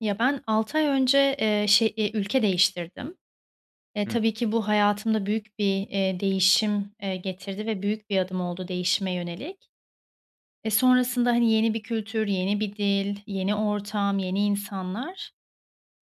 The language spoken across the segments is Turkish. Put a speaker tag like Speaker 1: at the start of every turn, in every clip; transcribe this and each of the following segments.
Speaker 1: Ya, ben 6 ay önce, eee, ş eee, ülke değiştirdim. E,
Speaker 2: Hıh.
Speaker 1: tabii ki bu hayatımda büyük bir, eee, değişim, eee, getirdi ve büyük bir adım oldu değişime yönelik. E, sonrasında, hani, yeni bir kültür, yeni bir dil, yeni ortam, yeni insanlar.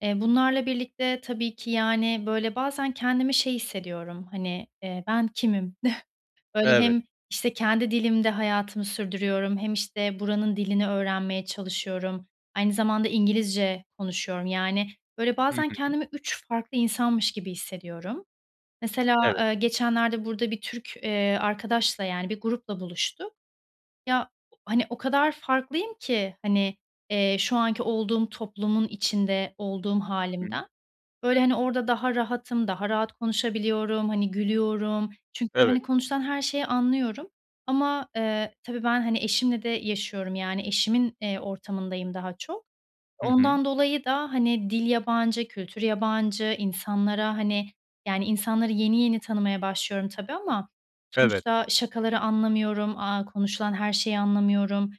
Speaker 1: Eee, bunlarla birlikte tabii ki, yani, böyle, bazen kendimi şey hissediyorum. Hani, eee, ben kimim? Böyle,
Speaker 2: Evet.
Speaker 1: hem, işte, kendi dilimde hayatımı sürdürüyorum hem, işte, buranın dilini öğrenmeye çalışıyorum, aynı zamanda İngilizce konuşuyorum. Yani, böyle,
Speaker 2: Hı
Speaker 1: bazen
Speaker 2: hı.
Speaker 1: kendimi 3 farklı insanmış gibi hissediyorum. Mesela,
Speaker 2: Evet.
Speaker 1: eee, geçenlerde burada bir Türk, eee, arkadaşla, yani, bir grupla buluştuk. Ya, hani, o kadar farklıyım ki, hani, eee, şu anki olduğum toplumun içinde olduğum
Speaker 2: Hımm.
Speaker 1: hâlimden. Böyle, hani, orada daha rahatım, daha rahat konuşabiliyorum, hani, gülüyorum çünkü,
Speaker 2: Evet.
Speaker 1: hani, konuşulan her şeyi anlıyorum. Ama, eee, tabii ben, hani, eşimle de yaşıyorum, yani, eşimin, eee, ortamındayım daha çok.
Speaker 2: Hı hı.
Speaker 1: Ondan dolayı da, hani, dil yabancı, kültür yabancı, insanlara, hani, yani, insanları yeni yeni tanımaya başlıyorum tabii ama
Speaker 2: Evet.
Speaker 1: sonuçta şakaları anlamıyorum, aaa, konuşulan her şeyi anlamıyorum.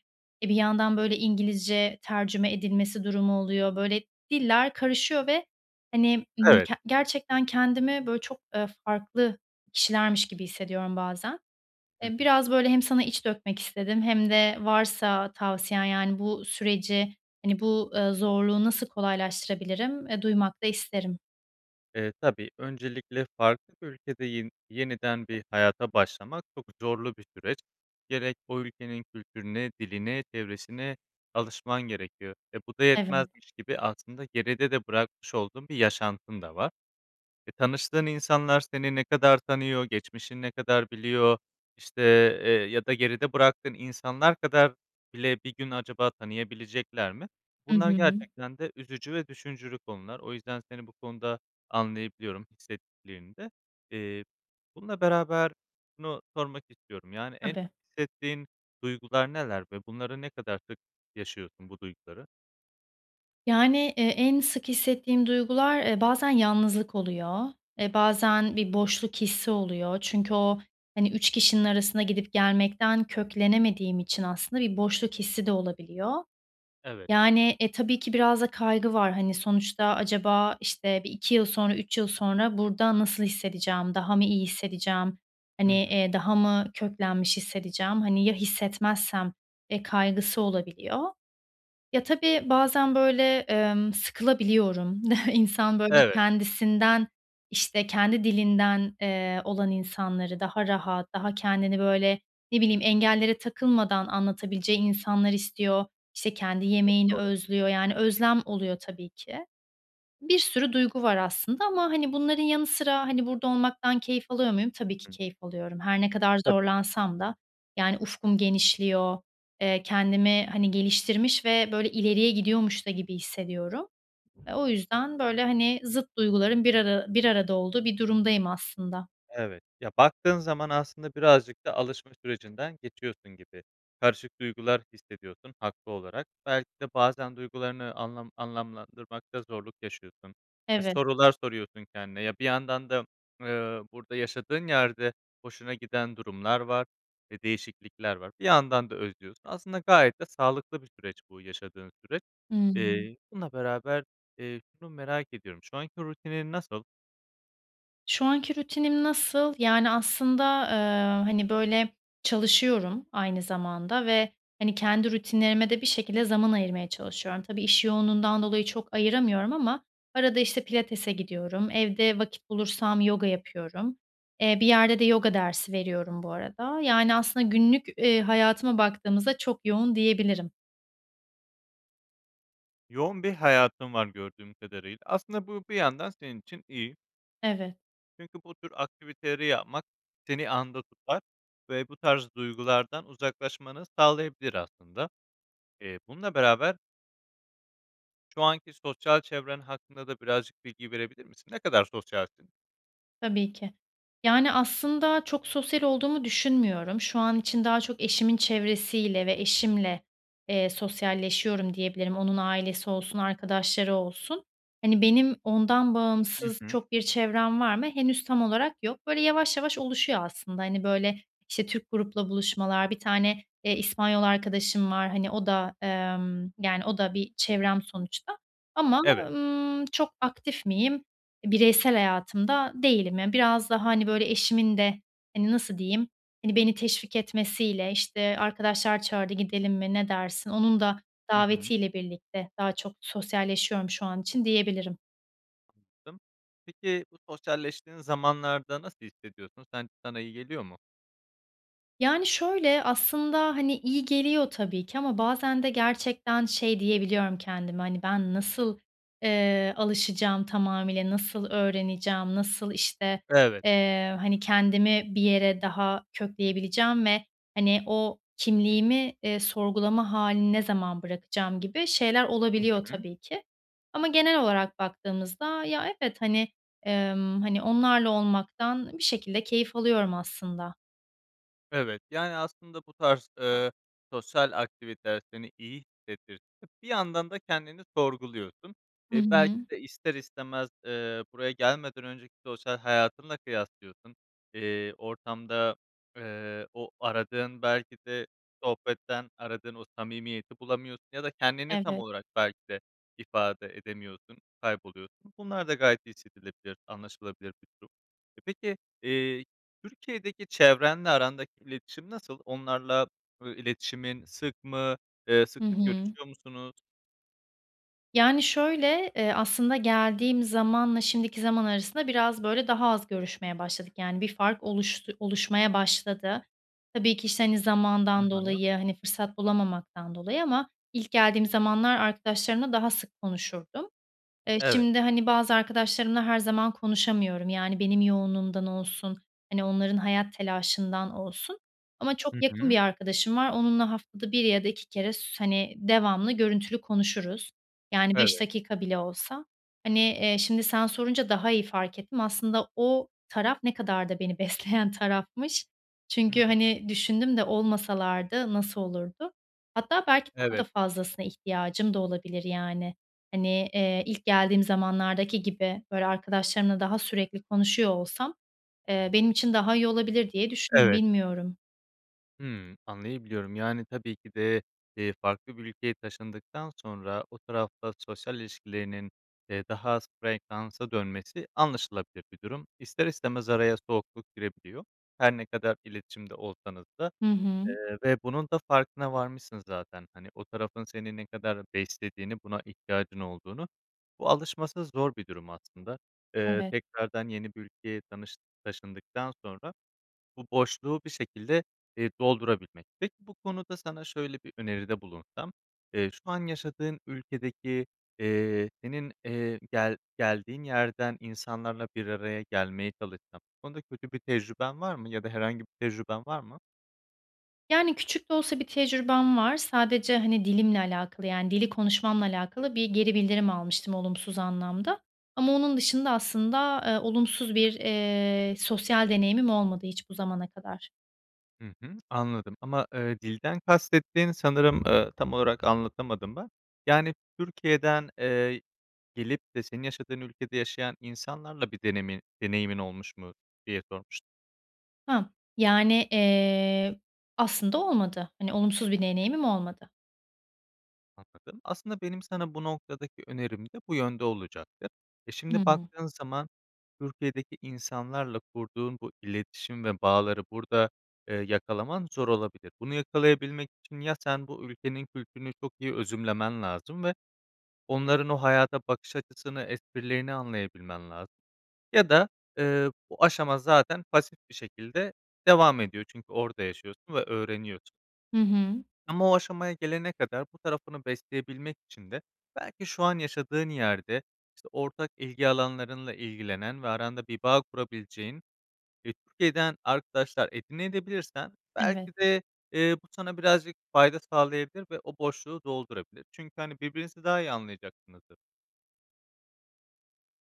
Speaker 1: E, bir yandan, böyle, İngilizce tercüme edilmesi durumu oluyor. Böyle, diller karışıyor ve, hani, ımm,
Speaker 2: Evet.
Speaker 1: k gerçekten kendimi, böyle, çok, eee, farklı kişilermiş gibi hissediyorum bazen.
Speaker 2: Hı
Speaker 1: Eee,
Speaker 2: hı.
Speaker 1: biraz, böyle, hem sana iç dökmek istedim hem de varsa tavsiyen, yani, bu süreci, hani, bu, eee, zorluğu nasıl kolaylaştırabilirim, eee, duymak da isterim.
Speaker 2: Eee, tabii, öncelikle farklı bir ülkede yen yeniden bir hayata başlamak çok zorlu bir süreç. Gerek o ülkenin kültürüne, diline, çevresine alışman gerekiyor, eee, bu da
Speaker 1: Evet.
Speaker 2: yetmezmiş gibi aslında geride de bırakmış olduğun bir yaşantın da var. E, tanıştığın insanlar seni ne kadar tanıyor, geçmişini ne kadar biliyor, işte, eee, ya da geride bıraktığın insanlar kadar bile bir gün acaba tanıyabilecekler mi?
Speaker 1: Hı
Speaker 2: Bunlar
Speaker 1: hı.
Speaker 2: gerçekten de üzücü ve düşündürücü konular. O yüzden seni bu konuda anlayabiliyorum, hissettiklerini de. Eee, bununla beraber şunu sormak istiyorum, yani, en
Speaker 1: Tabii.
Speaker 2: çok hissettiğin duygular neler ve bunları ne kadar sık yaşıyorsun, bu duyguları?
Speaker 1: Yani, eee, en sık hissettiğim duygular, eee, bazen yalnızlık oluyor, eee, bazen bir boşluk hissi oluyor. Çünkü o, hani, 3 kişinin arasında gidip gelmekten köklenemediğim için aslında bir boşluk hissi de olabiliyor.
Speaker 2: Evet.
Speaker 1: Yani, eee, tabii ki biraz da kaygı var. Hani, sonuçta acaba, işte, bir 2 yıl sonra, 3 yıl sonra burada nasıl hissedeceğim, daha mı iyi hissedeceğim, hani,
Speaker 2: Hı hı.
Speaker 1: eee, daha mı köklenmiş hissedeceğim, hani, ya hissetmezsem, eee, kaygısı olabiliyor. Ya, tabii bazen, böyle, ımm, sıkılabiliyorum, insan, böyle,
Speaker 2: Evet.
Speaker 1: kendisinden, işte, kendi dilinden, eee, olan insanları, daha rahat, daha kendini, böyle, ne bileyim, engellere takılmadan anlatabileceği insanlar istiyor, işte, kendi
Speaker 2: Çok
Speaker 1: yemeğini
Speaker 2: doğru.
Speaker 1: özlüyor. Yani, özlem oluyor tabii ki. Bir sürü duygu var aslında ama, hani, bunların yanı sıra, hani, burada olmaktan keyif alıyor muyum? Tabii ki
Speaker 2: Hı.
Speaker 1: keyif alıyorum. Her ne kadar
Speaker 2: Tabii.
Speaker 1: zorlansam da, yani, ufkum genişliyor, eee, kendimi, hani, geliştirmiş ve, böyle, ileriye gidiyormuş da gibi hissediyorum. Eee, o yüzden, böyle, hani, zıt duyguların bir ara bir arada olduğu bir durumdayım aslında.
Speaker 2: Evet, ya, baktığın zaman aslında birazcık da alışma sürecinden geçiyorsun gibi. Karışık duygular hissediyorsun haklı olarak. Belki de bazen duygularını anlam anlamlandırmakta zorluk yaşıyorsun ve
Speaker 1: Evet.
Speaker 2: sorular soruyorsun kendine. Ya, bir yandan da, ııı, burada yaşadığın yerde hoşuna giden durumlar var ve değişiklikler var. Bir yandan da özlüyorsun. Aslında gayet de sağlıklı bir süreç bu yaşadığın süreç.
Speaker 1: Hıı.
Speaker 2: Eee, bununla beraber, eee, şunu merak ediyorum. Şu anki rutinin nasıl?
Speaker 1: Şu anki rutinim nasıl? Yani, aslında, ııı, hani, böyle, çalışıyorum aynı zamanda ve, hani, kendi rutinlerime de bir şekilde zaman ayırmaya çalışıyorum. Tabii, iş yoğunluğundan dolayı çok ayıramıyorum ama arada, işte, pilatese gidiyorum, evde vakit bulursam yoga yapıyorum, eee, bir yerde de yoga dersi veriyorum bu arada. Yani, aslında, günlük, eee, hayatıma baktığımızda çok yoğun, diyebilirim.
Speaker 2: Yoğun bir hayatın var gördüğüm kadarıyla. Aslında bu bir yandan senin için iyi
Speaker 1: Evet.
Speaker 2: çünkü bu tür aktiviteleri yapmak seni anda tutar ve bu tarz duygulardan uzaklaşmanı sağlayabilir aslında. Eee, bununla beraber şu anki sosyal çevren hakkında da birazcık bilgi verebilir misin? Ne kadar sosyalsin?
Speaker 1: Tabii ki. Yani, aslında, çok sosyal olduğumu düşünmüyorum. Şu an için daha çok eşimin çevresiyle ve eşimle, eee, sosyalleşiyorum, diyebilirim. Onun ailesi olsun, arkadaşları olsun. Hani, benim ondan
Speaker 2: Hı
Speaker 1: bağımsız
Speaker 2: hı.
Speaker 1: çok bir çevrem var mı, henüz tam olarak yok. Böyle, yavaş yavaş oluşuyor aslında. Hani, böyle, işte, Türk grupla buluşmalar, 1 tane, eee, İspanyol arkadaşım var. Hani, o da, ımm, yani, o da bir çevrem sonuçta ama o
Speaker 2: Evet.
Speaker 1: ımm, çok aktif miyim? E, bireysel hayatımda değilim. Ya, biraz da, hani, böyle, eşimin de, hani, nasıl diyeyim, hani, beni teşvik etmesiyle, işte, "Arkadaşlar çağırdı, gidelim mi, ne dersin?" Onun da
Speaker 2: Hı hı.
Speaker 1: davetiyle birlikte daha çok sosyalleşiyorum şu an için, diyebilirim.
Speaker 2: [unintelligible] Peki, bu sosyalleştiğin zamanlarda nasıl hissediyorsun? Sen sana iyi geliyor mu?
Speaker 1: Yani, şöyle, aslında, hani, iyi geliyor tabii ki ama bazen de gerçekten şey diyebiliyorum kendime. Hani, "Ben nasıl, eee, alışacağım tamamıyla, nasıl öğreneceğim, nasıl, işte,
Speaker 2: Evet.
Speaker 1: eee, hani, kendimi bir yere daha kökleyebileceğim ve, hani, o kimliğimi, eee, sorgulama hâlini ne zaman bırakacağım?" gibi şeyler
Speaker 2: Hı
Speaker 1: olabiliyor
Speaker 2: hı.
Speaker 1: tabii ki ama genel olarak baktığımızda ya evet, hani, emm, hani, onlarla olmaktan bir şekilde keyif alıyorum aslında.
Speaker 2: Evet, yani, aslında bu tarz, eee, sosyal aktiviteler seni iyi hissettirse de bir yandan da kendini sorguluyorsun.
Speaker 1: Hı
Speaker 2: Eee, belki
Speaker 1: hı.
Speaker 2: de ister istemez, eee, buraya gelmeden önceki sosyal hayatınla kıyaslıyorsun. Eee, ortamda, eee, o aradığın, belki de sohbetten aradığın o samimiyeti bulamıyorsun ya da kendini tam
Speaker 1: Evet.
Speaker 2: olarak belki de ifade edemiyorsun, kayboluyorsun. Bunlar da gayet hissedilebilir, anlaşılabilir bir durum. E, peki, eee, Türkiye'deki çevrenle arandaki iletişim nasıl? Onlarla, ııı, iletişimin sık mı, eee, sık
Speaker 1: Hı
Speaker 2: sık
Speaker 1: hı.
Speaker 2: görüşüyor musunuz?
Speaker 1: Yani, şöyle, eee, aslında geldiğim zamanla şimdiki zaman arasında biraz, böyle, daha az görüşmeye başladık. Yani, bir fark oluştu oluşmaya başladı. Tabii ki, işte, hani,
Speaker 2: Hı
Speaker 1: zamandan
Speaker 2: hı.
Speaker 1: dolayı, hani, fırsat bulamamaktan dolayı ama ilk geldiğim zamanlar arkadaşlarımla daha sık konuşurdum. Eee,
Speaker 2: Evet.
Speaker 1: şimdi hani bazı arkadaşlarımla her zaman konuşamıyorum. Yani, benim yoğunluğumdan olsun, hani, onların hayat telaşından olsun ama çok
Speaker 2: Hı
Speaker 1: yakın
Speaker 2: hı.
Speaker 1: bir arkadaşım var. Onunla haftada 1 ya da 2 kere s hani, devamlı görüntülü konuşuruz. Yani, 5
Speaker 2: Evet.
Speaker 1: dakika bile olsa, hani, eee, şimdi sen sorunca daha iyi fark ettim. Aslında o taraf ne kadar da beni besleyen tarafmış.
Speaker 2: Hı
Speaker 1: Çünkü,
Speaker 2: hı.
Speaker 1: hani, düşündüm de olmasalardı, nasıl olurdu? Hatta belki daha
Speaker 2: Evet.
Speaker 1: da fazlasına ihtiyacım da olabilir yani. Hani, eee, ilk geldiğim zamanlardaki gibi böyle arkadaşlarımla daha sürekli konuşuyor olsam, eee, benim için daha iyi olabilir diye düşündüm.
Speaker 2: Evet.
Speaker 1: Bilmiyorum.
Speaker 2: Hımm. Anlayabiliyorum, yani, tabii ki de, eee, farklı bir ülkeye taşındıktan sonra o tarafla sosyal ilişkilerinin, eee, daha az frekansa dönmesi anlaşılabilir bir durum. İster istemez araya soğukluk girebiliyor, her ne kadar iletişimde olsanız da.
Speaker 1: Hı hı.
Speaker 2: Eee, ve bunun da farkına varmışsın zaten, hani, o tarafın seni ne kadar beslediğini, buna ihtiyacın olduğunu. Bu alışması zor bir durum aslında. Eee,
Speaker 1: Evet.
Speaker 2: tekrardan yeni bir ülkeye tanış taşındıktan sonra bu boşluğu bir şekilde, eee, doldurabilmek. Peki, bu konuda sana şöyle bir öneride bulunsam: Eee, şu an yaşadığın ülkedeki, eee, senin, eee, gel geldiğin yerden insanlarla bir araya gelmeye çalışsan. Bu konuda kötü bir tecrüben var mı? Ya da herhangi bir tecrüben var mı?
Speaker 1: Yani, küçük de olsa bir tecrübem var. Sadece, hani, dilimle alakalı, yani, dili konuşmamla alakalı bir geri bildirim almıştım olumsuz anlamda. Ama onun dışında, aslında, eee, olumsuz bir, eee, sosyal deneyimim olmadı hiç bu zamana kadar.
Speaker 2: Hı hı, anladım ama, ııı, dilden kastettiğin, sanırım, ııı, tam olarak anlatamadım ben. Yani, Türkiye'den, eee, gelip de senin yaşadığın ülkede yaşayan insanlarla bir denemi deneyimin olmuş mu diye sormuş
Speaker 1: Ha. Yani, eee, aslında olmadı. Hani, olumsuz bir deneyimim olmadı.
Speaker 2: Anladım. Aslında benim sana bu noktadaki önerim de bu yönde olacaktı. Eee,
Speaker 1: Hı
Speaker 2: şimdi
Speaker 1: hı.
Speaker 2: baktığın zaman Türkiye'deki insanlarla kurduğun bu iletişim ve bağları burada, eee, yakalaman zor olabilir. Bunu yakalayabilmek için ya sen bu ülkenin kültürünü çok iyi özümlemen lazım ve onların o hayata bakış açısını, esprilerini anlayabilmen lazım. Ya da, eee, bu aşama zaten pasif bir şekilde devam ediyor çünkü orada yaşıyorsun ve öğreniyorsun.
Speaker 1: Hı hı.
Speaker 2: Ama o aşamaya gelene kadar bu tarafını besleyebilmek için de belki şu an yaşadığın yerde, işte ortak ilgi alanlarınla ilgilenen ve aranda bir bağ kurabileceğin ve Türkiye'den arkadaşlar edinebilirsen de
Speaker 1: Evet.
Speaker 2: belki de, ııı, bu sana birazcık fayda sağlayabilir ve o boşluğu doldurabilir. Çünkü, hani, birbirinizi daha iyi anlayacaksınızdır.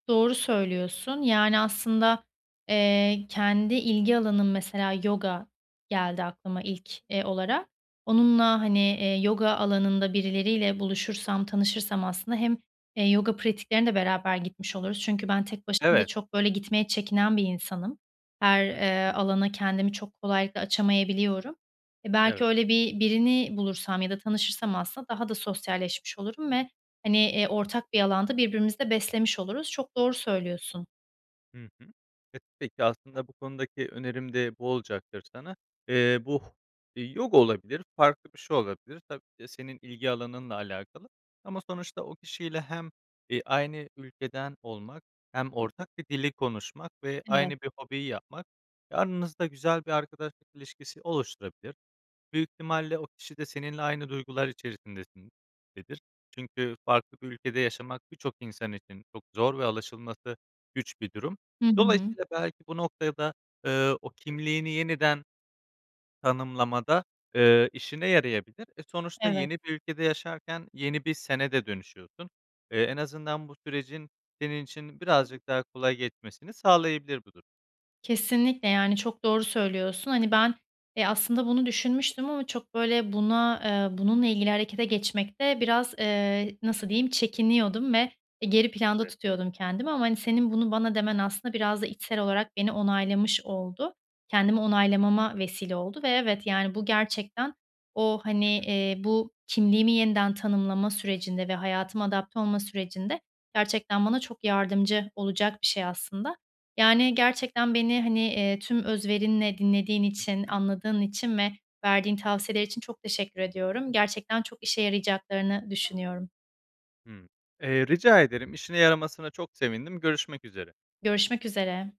Speaker 1: Doğru söylüyorsun. Yani, aslında, eee, kendi ilgi alanım, mesela, yoga geldi aklıma ilk, eee, olarak. Onunla, hani, eee, yoga alanında birileriyle buluşursam, tanışırsam aslında hem, eee, yoga pratiklerine de beraber gitmiş oluruz. Çünkü ben tek başıma da
Speaker 2: Evet.
Speaker 1: çok, böyle, gitmeye çekinen bir insanım. Her,
Speaker 2: Hı
Speaker 1: eee,
Speaker 2: hı.
Speaker 1: alana kendimi çok kolaylıkla açamayabiliyorum. Eee, belki
Speaker 2: Evet.
Speaker 1: öyle bi birini bulursam ya da tanışırsam aslında daha da sosyalleşmiş olurum ve, hani, eee, ortak bir alanda birbirimizi de beslemiş oluruz. Çok doğru söylüyorsun.
Speaker 2: Hı hı. E, peki, aslında bu konudaki önerim de bu olacaktır sana. Eee, bu yoga olabilir, farklı bir şey olabilir tabii ki de senin ilgi alanınla alakalı. Ama sonuçta o kişiyle hem, ııı, aynı ülkeden olmak hem ortak bir dili konuşmak ve
Speaker 1: Evet.
Speaker 2: aynı bir hobiyi yapmak, e, aranızda güzel bir arkadaşlık ilişkisi oluşturabilir. Büyük ihtimalle o kişi de seninle aynı duygular içerisindedir. Çünkü farklı bir ülkede yaşamak birçok insan için çok zor ve alışılması güç bir durum.
Speaker 1: Hı hı.
Speaker 2: Dolayısıyla belki bu noktaya da, ııı, o kimliğini yeniden tanımlamada, ııı, işine yarayabilir. E, sonuçta
Speaker 1: Evet.
Speaker 2: yeni bir ülkede yaşarken yeni bir "sen"e de dönüşüyorsun. Eee, en azından bu sürecin senin için birazcık daha kolay geçmesini sağlayabilir bu durum.
Speaker 1: Kesinlikle, yani çok doğru söylüyorsun. Hani, ben, eee, aslında bunu düşünmüştüm ama çok, böyle, buna, eee, bununla ilgili harekete geçmekte biraz, eee, nasıl diyeyim, çekiniyordum ve, eee, geri planda
Speaker 2: Evet.
Speaker 1: tutuyordum kendimi ama, hani, senin bunu bana demen aslında biraz da içsel olarak beni onaylamış oldu. Kendimi onaylamama vesile oldu ve evet, yani, bu gerçekten o, hani,
Speaker 2: Hı hı.
Speaker 1: eee, bu kimliğimi yeniden tanımlama sürecinde ve hayatıma adapte olma sürecinde gerçekten bana çok yardımcı olacak bir şey aslında. Yani, gerçekten beni, hani, eee, tüm özverinle dinlediğin
Speaker 2: Hı
Speaker 1: için,
Speaker 2: hı.
Speaker 1: anladığın için ve verdiğin tavsiyeler için çok teşekkür ediyorum. Gerçekten çok işe yarayacaklarını düşünüyorum.
Speaker 2: Hıı. Eee, rica ederim. İşine yaramasına çok sevindim, görüşmek üzere.
Speaker 1: Görüşmek üzere.